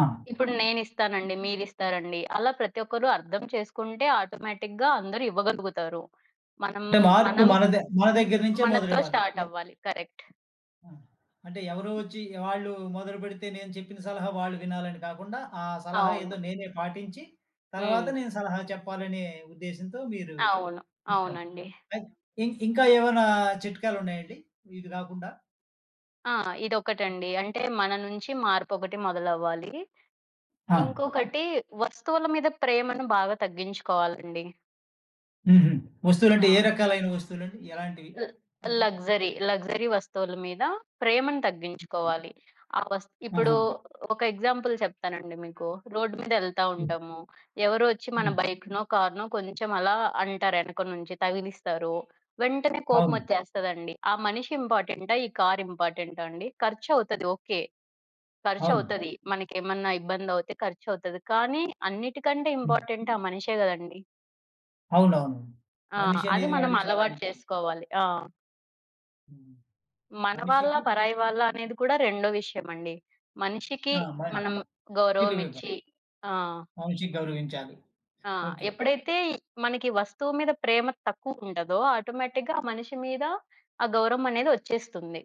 ఆ! ఇప్పుడు నేనిస్తానండి, మీరిస్తారండి. అలా ప్రతి ఒక్కరు అర్థం చేసుకుంటే ఆటోమేటిక్‌గా అందరు ఇవ్వగలుగుతారు. మనం అంటే, మార్పు మనం మనదే మన దగ్గర నించే మనతో మొదలవ్వాలి. య స్టార్టవ్వాలి కరెక్ట్. ఆ! అంటే ఎవరో వచ్చి ఆళ్ళు మొదలు బెడితే నేను చెప్పిన సలహా వాళ్ళు వినాలని కాకుండా, ఆ సలహా ఏదో అవును. నేనే పాటించి, తర్వాత హ్మ్. నేను సలహా చెప్పాలనే ఉద్దేశంతో మీరు అవును. ఇంట్లోనే అవునండి. పె ఇన్ ఇంకా ఏమైనా చిట్కాలున్నాయండి ఇది గాకుండా? ఆ! ఇదొకటండి అంటే మన నుంచి మార్పొకటి మొదలవ్వాలి. ఆ! ఇంకొకటి వస్తువుల మీద ప్రేమను బాగా తగ్గించుకోవాలండి. ఉహూ. ఆ! వస్తువులంటే ఏ రకాలైన వస్తువులండి? ఎలాంటివి? ల అంటే లక్సరీ లక్సరీ వస్తువుల మీద ప్రేమను తగ్గించుకోవాలి. ఆ వస్ ఇప్పుడు ఆహా! ఒక ఎగ్జాంపుల్ చెప్తానండి. మీకు రోడ్ మీద ఎళ్తా హ్మ్. ఉంటాము ఎవరో ఒచ్చి మన హ్మ్. బైక్‌నో, కార్‌నో కొంచం అలా అంటారు, యనక నుంచి తగిలిస్తారు. వెంటనే కోపం అవును. ఓచ్చేస్తదండి. ఆ మనిషి ఇంపార్టెంటా? ఈ కార్ ఇంపార్టెంటా అండి? ఖర్చవుతది ఓకే, అవును. ఖర్చవుతది మనకేమన్నా ఇబ్బందవుతే ఖర్చవుతది. కానీ అన్నిటికంటే హ్మ్. ఇంపార్టెంట్ ఆ మనిషే గదండి! అవునవును. ఆ! అది మనిషనేది మనం గాబట్టి చాలా అలవాటు ఇంపార్టెంట్. చేసుకోవాలి. ఆ! హ్మ్. మన వాళ్ళ? మనిషికి పరాయి వాళ్ళ? అనేది కూడా రెండో విషయమండి. మనిషికి ఆ! బానే మనము విలువివ్వ గౌరవమిచ్చి ఆ! మనిషిని గౌరవించాలి. ఆ! ఓకే. ఎప్పుడైతే మనకి వస్తువు మీద ప్రేమ తక్కువుండదో, ఆటోమేటిక్‌గా ఆ మనిషి మీద ఆ గౌరవమనేది వచ్చేస్తుంది.